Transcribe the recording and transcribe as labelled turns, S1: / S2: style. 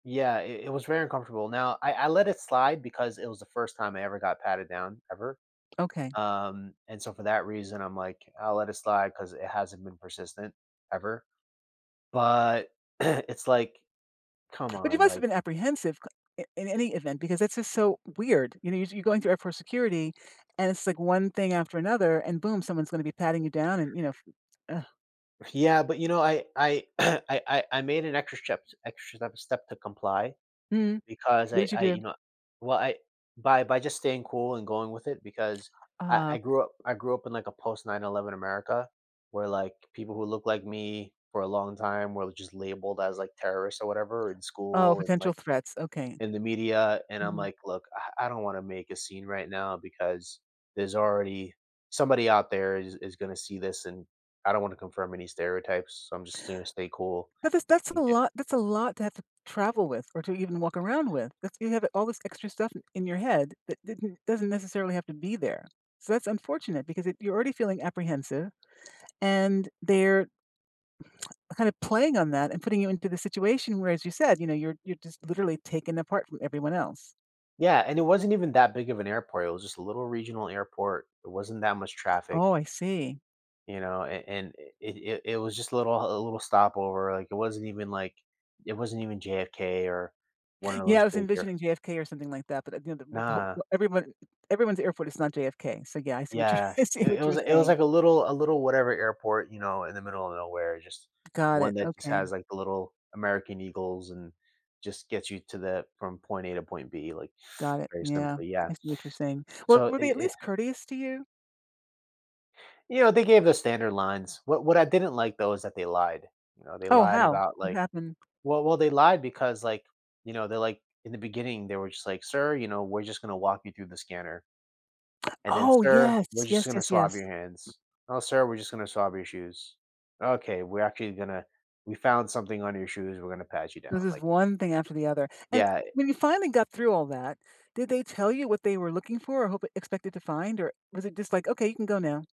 S1: Yeah, it it was very uncomfortable, now, I I let it slide because it was the first time I ever got patted down, ever.
S2: Okay.
S1: Um, and so for that reason, I'm like, "I'll let it slide," 'cause it hasn't been persistent ever. But it's like, come
S2: But, you
S1: on,
S2: must've
S1: like
S2: been apprehensive c i in any event, because it's just so weird, you know, you you're going through airport security, and it's, like, one thing after another, and boom, someone's gonna be patting you down and, you know, f ugh.
S1: Yeah, but, you know, I I I I, I made an extra strep extra step step to comply,
S2: Mm.
S1: because
S2: What
S1: I
S2: did you
S1: I you
S2: do?
S1: know, well, I by by just staying cool and going with it because I
S2: Oh.
S1: I grew up I grew up in, like, a post 9/11 America, where, like, people who look like me for a long time were l just labeled as, like, terrorists or whatever in
S2: Oh,
S1: school, and,
S2: potential
S1: like,
S2: threats okay.
S1: in the media, and I'm
S2: Mhm.
S1: like, "Look, I I don't wanna make a scene right now because there's already somebody out there is is gonna see this and I don't wanna confirm any stereotypes, so I'm just gonna stay cool."
S2: That this that's a
S1: And get
S2: lot that's a lot to have to travel with, or to even walk around with, that's you have all this extra stuff in your head that didn't doesn't necessarily have to be there, so that's unfortunate because if you're already feeling apprehensive, and they're kind of playing on that and putting you into the situation where- as you said- you know, you're you're just, literally, taken apart from everyone else.
S1: Yeah, and it wasn't even that big of an airport, it was just a little regional airport, it wasn't that much traffic.
S2: Oh, I see.
S1: You know? And and it it it was just a little a little stopover, like, it wasn't even, like it wasn't even JFK or one of
S2: Yeah,
S1: those
S2: I was
S1: bigger
S2: envisioning JFK or something like that, but at the end of b th ho
S1: Nah.
S2: everyone everyone's airport is not JFK, so, yeah, I see what you're
S1: Yeah,
S2: I see
S1: it it
S2: what
S1: was,
S2: you're
S1: like it was,
S2: saying.
S1: like, a little a little whatever airport, you know? In the middle of nowhere, just
S2: Got
S1: one
S2: it,
S1: that just has,
S2: okay.
S1: like, the little American eagles and just gets you to that from point A to point B, like,
S2: Got it,
S1: very
S2: yeah,
S1: simply yeah.
S2: I see what you're saying, well,
S1: So it
S2: were they at
S1: it
S2: least courteous to you?
S1: You know, they gave the standard lines, what what I didn't like, though, is that they lied, you know? They
S2: Oh,
S1: lied
S2: how?
S1: about,
S2: What
S1: like
S2: happened?
S1: well well, they lied because, like you know, they're, like in the beginning, they were just, like, "Sir," you know, "we're just gonna walk you through the scanner." And then,
S2: Oh,
S1: "Sir,
S2: yes
S1: we're just
S2: yes
S1: gonna
S2: yes
S1: swab
S2: yes.
S1: your hands. Oh, sir, we're just gonna swab your shoes. Okay, we're actually gonna we found something on your shoes, we're gonna pat you down,"
S2: This is
S1: like
S2: one thing after the other, and
S1: Yeah, i
S2: when you finally got through all that, did they tell you what they were looking for? Or hope expected to find? Or was it just like, "Okay, you can go now?"